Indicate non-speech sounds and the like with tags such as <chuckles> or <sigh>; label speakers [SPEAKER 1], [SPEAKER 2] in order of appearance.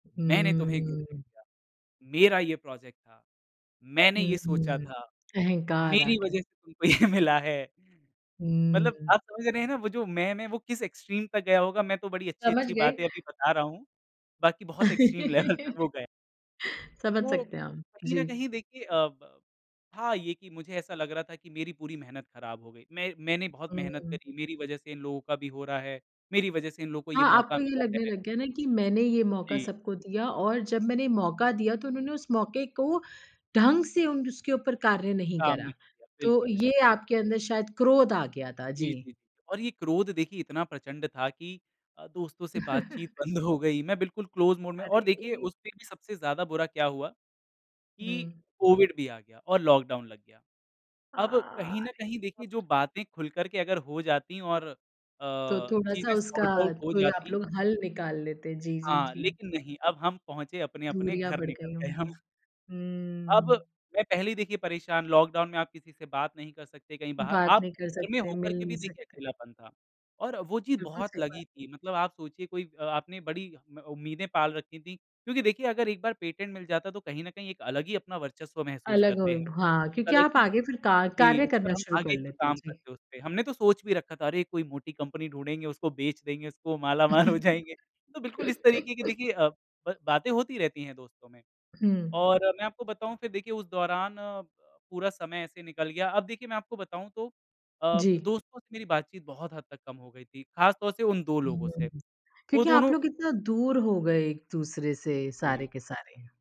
[SPEAKER 1] "मैंने तुम्हे एक ग्रुप
[SPEAKER 2] हुँ
[SPEAKER 1] भेजा, मेरा ये प्रोजेक्ट था। मैंने
[SPEAKER 2] हुँ,
[SPEAKER 1] ये सोचा
[SPEAKER 2] हुँ।
[SPEAKER 1] था।
[SPEAKER 2] अहंकार आ
[SPEAKER 1] मेरी
[SPEAKER 2] गया।
[SPEAKER 1] वज़ह से तुमको ये मिला है।" मतलब
[SPEAKER 2] हुँ।
[SPEAKER 1] आप समझ रहे हैं ना, वो जो मैं, मैं वो किस एक्सट्रीम तक गया होगा? मैं तो बड़ी
[SPEAKER 2] समझ
[SPEAKER 1] अच्छी-अच्छी
[SPEAKER 2] गयी।
[SPEAKER 1] बातें अभी बता रहा हूँ। बाकी बहुत एक्सट्रीम लेवल तक वो गया।
[SPEAKER 2] <laughs> समझ
[SPEAKER 1] तो
[SPEAKER 2] सकते हैं हम।
[SPEAKER 1] कहीं न
[SPEAKER 2] जी।
[SPEAKER 1] कहीं देखिए अ, ब हाँ, ये कि मुझे ऐसा लग रहा था कि मेरी पूरी मेहनत ख़राब हो गयी। मैं मैंने बहुत मेहनत
[SPEAKER 2] हुँ।
[SPEAKER 1] करी। मेरी वज़ह से इन लोगों का भी हो रहा है। मेरी वज़ह से इन लोगों को ये
[SPEAKER 2] हाँ
[SPEAKER 1] मौक़ा
[SPEAKER 2] आपको ये
[SPEAKER 1] मिला
[SPEAKER 2] लगने
[SPEAKER 1] है।
[SPEAKER 2] लग गया ना कि मैंने ये मौक़ा
[SPEAKER 1] जी।
[SPEAKER 2] सबको दिया और जब मैंने ये मौक़ा दिया तो उन्होंने उस मौक़े को ढंग से उन उसके ऊपर कार्य नहीं
[SPEAKER 1] काम नहीं
[SPEAKER 2] करा।
[SPEAKER 1] किया।
[SPEAKER 2] तो
[SPEAKER 1] बिल्कुल,
[SPEAKER 2] ये
[SPEAKER 1] बिल्कुल।
[SPEAKER 2] आपके अंदर शायद क्रोध आ गया था।
[SPEAKER 1] जी,
[SPEAKER 2] जी।
[SPEAKER 1] जी। और ये क्रोध देखिए इतना प्रचंड था कि अ, दोस्तों से बातचीत
[SPEAKER 2] <chuckles>
[SPEAKER 1] बंद हो गई। मैं बिल्कुल क्लोज मोड में और देखिए
[SPEAKER 2] अरे!
[SPEAKER 1] उसमें भी सबसे ज़्यादा बुरा क्या हुआ? कि
[SPEAKER 2] हुँ।
[SPEAKER 1] कोविड भी आ गया और लॉकडाउन लग गया। अब
[SPEAKER 2] हाँ।
[SPEAKER 1] कहीं न
[SPEAKER 2] अरे!
[SPEAKER 1] कहीं देखिए जो
[SPEAKER 2] <unintelligible>
[SPEAKER 1] बातें खुल कर के अगर हो जाती और अ,
[SPEAKER 2] तो थोड़ा-सा
[SPEAKER 1] चीज़ें
[SPEAKER 2] उसका
[SPEAKER 1] सॉर्ट-आउट हो
[SPEAKER 2] कोई आप
[SPEAKER 1] जाती
[SPEAKER 2] लोग हल निकाल लेते। जी, जी,
[SPEAKER 1] हाँ,
[SPEAKER 2] जी।
[SPEAKER 1] लेकिन नहीं अब हम पहुँचे, अपने-अपने
[SPEAKER 2] दूरियाँ
[SPEAKER 1] घर
[SPEAKER 2] बढ़
[SPEAKER 1] निकल
[SPEAKER 2] गयी
[SPEAKER 1] गए हम।
[SPEAKER 2] होंगी।
[SPEAKER 1] अब,
[SPEAKER 2] हुँ।
[SPEAKER 1] मैं पहले देखिए परेशान, लॉकडाउन में आप किसी से बात नहीं कर सकते कहीं बाहर
[SPEAKER 2] बात
[SPEAKER 1] आप
[SPEAKER 2] नहीं कर
[SPEAKER 1] घर में
[SPEAKER 2] सकते,
[SPEAKER 1] होकर
[SPEAKER 2] मिल
[SPEAKER 1] के
[SPEAKER 2] नहीं
[SPEAKER 1] भी देखिए
[SPEAKER 2] सकते।
[SPEAKER 1] अकेलापन था। और वो चीज़
[SPEAKER 2] बिल्कुल
[SPEAKER 1] बहुत
[SPEAKER 2] सही बात।
[SPEAKER 1] लगी थी। मतलब आप सोचिए कोई आपने बड़ी अ, उम्मीदें पाल रखी थी। क्योंकि देखिए अगर एक बार पेटेंट मिल जाता तो कहीं न कहीं एक अलग ही अपना वर्चस्व महसूस
[SPEAKER 2] अलग हो
[SPEAKER 1] करते हैं।
[SPEAKER 2] हाँ,
[SPEAKER 1] एक
[SPEAKER 2] क्योंकि
[SPEAKER 1] अलग
[SPEAKER 2] आप
[SPEAKER 1] ही
[SPEAKER 2] आगे फिर कार
[SPEAKER 1] जी,
[SPEAKER 2] कार्य
[SPEAKER 1] उस पर
[SPEAKER 2] करना
[SPEAKER 1] हम
[SPEAKER 2] शुरू कर
[SPEAKER 1] आगे भी
[SPEAKER 2] लेते हैं।
[SPEAKER 1] काम
[SPEAKER 2] जी।
[SPEAKER 1] करते उस पे। हमने तो सोच भी रखा था अरे! कोई मोटी कंपनी ढूंढेंगे उसको बेच देंगे उसको, मालामाल हो जाएँगे। तो बिल्कुल इस तरीके की
[SPEAKER 2] <chuckles>
[SPEAKER 1] देखिए अ, ब बातें होती रहती हैं दोस्तों में।
[SPEAKER 2] हुँ।
[SPEAKER 1] और मैं आपको बताऊँ फिर देखिए उस दौरान पूरा समय ऐसे निकल गया। अब देखिए मैं आपको बताऊँ तो अ,
[SPEAKER 2] जी।
[SPEAKER 1] दोस्तों से मेरी बातचीत बहुत हद तक कम हो गई थी। ख़ासतौर से उन 2 लोगों से।
[SPEAKER 2] हुँ।
[SPEAKER 1] वो
[SPEAKER 2] क्योंकि आप
[SPEAKER 1] दोनों
[SPEAKER 2] लोग इतना दूर हो गए एक-दूसरे से
[SPEAKER 1] जी।
[SPEAKER 2] सारे के सारे।